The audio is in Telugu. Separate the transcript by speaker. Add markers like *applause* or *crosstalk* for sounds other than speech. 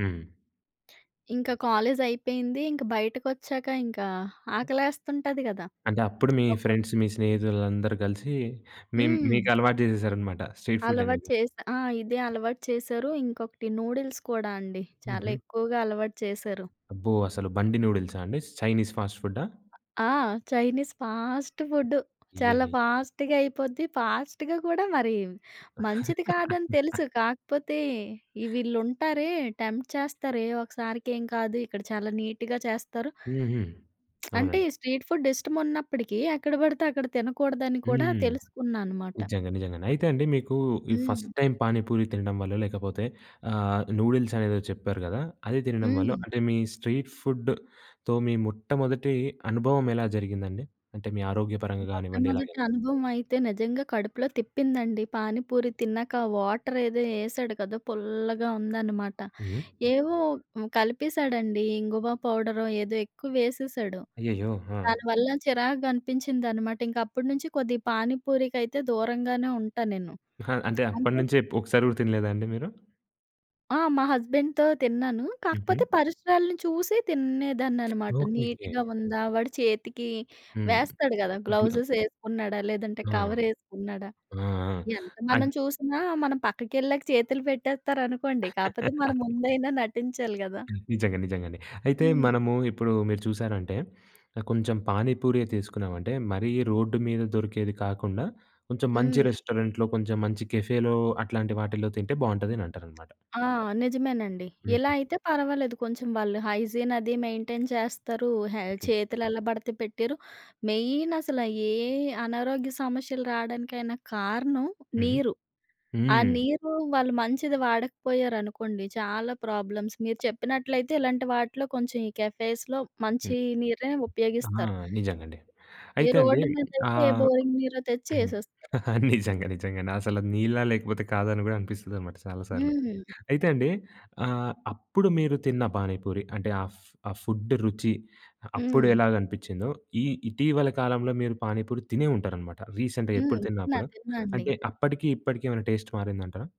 Speaker 1: హ్మ్.
Speaker 2: ఇంక కాలేజయిపేయింది. ఇంక బయటకొచ్చాక ఇంకా, ఆకలేస్తుంటది గదా!
Speaker 1: అంటే, అప్పుడు మీ
Speaker 2: ఒక్కో
Speaker 1: ఫ్రెండ్స్ మీ స్నేహితులందరూ గలిసి మీమ్
Speaker 2: హ్మ్.
Speaker 1: మీకలవాటు జేసేశారనమాట స్ట్రీట్
Speaker 2: అలవాటు
Speaker 1: ఫుడ్డనేది.
Speaker 2: చేశా ఆ! ఇదే
Speaker 1: ఓకే.
Speaker 2: అలవాటు చేశారు. ఇంకొకటి నూడిల్స్ కూడా అండి. చాలా
Speaker 1: హుహు.
Speaker 2: ఎక్కువగా అలవాటు చేశారు.
Speaker 1: అబ్బో! అసలు బండి నూడిల్సా అండి, చైనీస్ ఫాస్ట్ ఫుడ్డా?
Speaker 2: ఆహ్, ఆ! చైనీస్ ఫాస్ట్ ఫుడ్డు, చాలా
Speaker 1: అయ్యయ్యో!
Speaker 2: ఫాస్ట్‌గా అయిపోద్ది, ఫాస్ట్‌గా కూడా మరి మంచిది కాదని తెలుసు
Speaker 1: *laughs*
Speaker 2: కాకపోతే, ఈ వీళ్ళుంటారే టెంప్ట్ చేస్తారు, "ఏ, ఒకసారికేం కాదు ఇక్కడ చాలా నీట్‌గా చేస్తారు"
Speaker 1: హుహు.
Speaker 2: *smacks lips* అంటే,
Speaker 1: అవునండి.
Speaker 2: ఈ స్ట్రీట్ ఫుడ్ ఇష్టమున్నప్పడికీ ఎక్కడ బడితే అక్కడ తినకూడదని కూడా
Speaker 1: హ్మ్.
Speaker 2: తెలుసుకున్నా అనమాట.
Speaker 1: నిజంగా. నిజంగండి. అయితే అండి, మీకూ ఈ ఫస్ట్
Speaker 2: హ్మ్.
Speaker 1: టైమ్ పానీపూరి తినడం వల్లో, లేకపోతే ఆహ్, నూడిల్సనేదో చెప్పారు గదా! అది తినడం వల్లో
Speaker 2: హ్మ్.
Speaker 1: అంటే, మీ స్ట్రీట్ ఫుడ్‌తో మీ మొట్టమొదటి అనుభవం ఎలా జరిగిందండి? అంటే మీ ఆరోగ్యపరంగా గానివ్వండి
Speaker 2: మొట్టమొదటి
Speaker 1: ఎలాగైనా?
Speaker 2: అనుభవమైతే నిజంగా కడుపులో తిప్పిందండి. పానీపూరి తిన్నక ఆ వాటరేదో ఎసాడు కదా! పుల్లగా ఉందనమాట.
Speaker 1: హ్మ్.
Speaker 2: ఏవో హ్మ్, కలిపేశాడండీ, ఇంగువ పౌడరో, ఏదో ఎక్కువ వేసేశాడు.
Speaker 1: అయ్యయ్యో! ఆ!
Speaker 2: దాని వల్ల చిరాకుగా అనిపించిందనమాట. ఇంకప్పుడు నుంచి కొద్దిగా పానిపూరికైతే దూరంగానే ఉంటానేను.
Speaker 1: ఆహా! అంటే,
Speaker 2: అంటే
Speaker 1: అప్పడనుంచే ఎప్ ఒకసారి గూడా తినలేదా అండి మీరు?
Speaker 2: ఆ! మా హస్బెండ్‌తో తిన్నాను,
Speaker 1: హుహు.
Speaker 2: కాకపోతే పరిసరాలిని చూసి
Speaker 1: ఓకే.
Speaker 2: తినేదాన్ననమాట.
Speaker 1: ఓకే.
Speaker 2: నీట్‌గా ఉందా? వాడు చేతికి
Speaker 1: హ్మ్.
Speaker 2: వేస్తాడు గదా!
Speaker 1: ఇంట్లో
Speaker 2: గ్లౌజెస్ ఎసుకున్నాడా? లేదంటే
Speaker 1: ఆ!
Speaker 2: కవరేసుకున్నాడా?
Speaker 1: ఆ! ఆ!
Speaker 2: ఎంత మనం
Speaker 1: అన్
Speaker 2: చూసినా మనం పక్కకెళ్ళాక చేతులు పెట్టేత్తారనుకోండి, కాపోతే మన
Speaker 1: *laughs*
Speaker 2: ముందైనా నటించాలి గదా!
Speaker 1: నిజంగా, నిజంగండి. అయితే
Speaker 2: హ్మ్.
Speaker 1: మనమూ ఇప్పుడూ మీరు చూశారంటే, ఆహ్, కొంచెం పానీ పూరె తీసుకున్నామంటే, మరీ రోడ్డు మీద దొరికేది కాకుండా కొంచెం మంచి
Speaker 2: హ్మ్.
Speaker 1: రెస్టారెంట్‌లో, కొంచెం మంచి కేఫే‌లో అట్లాంటి వాటిల్లో తింటే బావుంటదనంటారనమాట?
Speaker 2: ఆ! నిజమేనండి. ఇలా
Speaker 1: హుహు.
Speaker 2: అయితే పర్వాలేదు, కొంచెం వాళ్ళు హైజీనది మెయింటైన్ చేస్తారు, హె
Speaker 1: ఓకే.
Speaker 2: చేతులెలా బడతే పెట్టెయరు. మెయినసలా ఏ ఆనారోగ్య సమస్యలు రాడానికైనా కారణం
Speaker 1: హుహు.
Speaker 2: నీరు. ఆ
Speaker 1: హ్మ్.
Speaker 2: నీరు వాళ్ళు మంచిది వాడకపోయారనుకోండి, చాలా ప్రాబ్లమ్స్. మీరు చెప్పినట్లయితే ఇలాంటి వాటిలో కొంచెం ఈ కెఫేస్‌లో
Speaker 1: హ్మ్.
Speaker 2: మంచీ నీరే
Speaker 1: ఆ!
Speaker 2: ఉపయోగిస్తారు.
Speaker 1: నిజంగండి.
Speaker 2: ఏ
Speaker 1: అయితే అండీ,
Speaker 2: రోడ్డు మీదయితే, ఏ
Speaker 1: ఆహ్
Speaker 2: బోరింగ్ నిరో తెచ్చి
Speaker 1: హ్మ్.
Speaker 2: ఎసేస్తారు.
Speaker 1: *giggles* నిజంగ, నిజంగండి. అసలు నీళ్ళా లేకపోతే కాదని గూడా అనిపిస్తదనమాట చాలా సార్లు.
Speaker 2: హుహు.
Speaker 1: అయితే అండి, ఆహ్, అప్పుడు మీరు తిన్న పానీపూరి, అంటే ఆ ఫ్ ఆ ఫుడ్డు రుచి, అ అప్పుడు
Speaker 2: హ్మ్.
Speaker 1: ఎలాగనిపిచ్చిందో, ఈ ఇటీవల కాలంలో మీరు పానీపూరి తినే ఉంటారనమాట. రీసెంట్‌గా
Speaker 2: హ్మ్.
Speaker 1: ఎప్పుడు తిన్నా
Speaker 2: తిన్నా,
Speaker 1: అప్పుడు,
Speaker 2: తిన్నా అండి.
Speaker 1: అంటే, అప్పడికి, ఇప్పడికి ఏవైనా టెస్ట్ మారిందంటారా?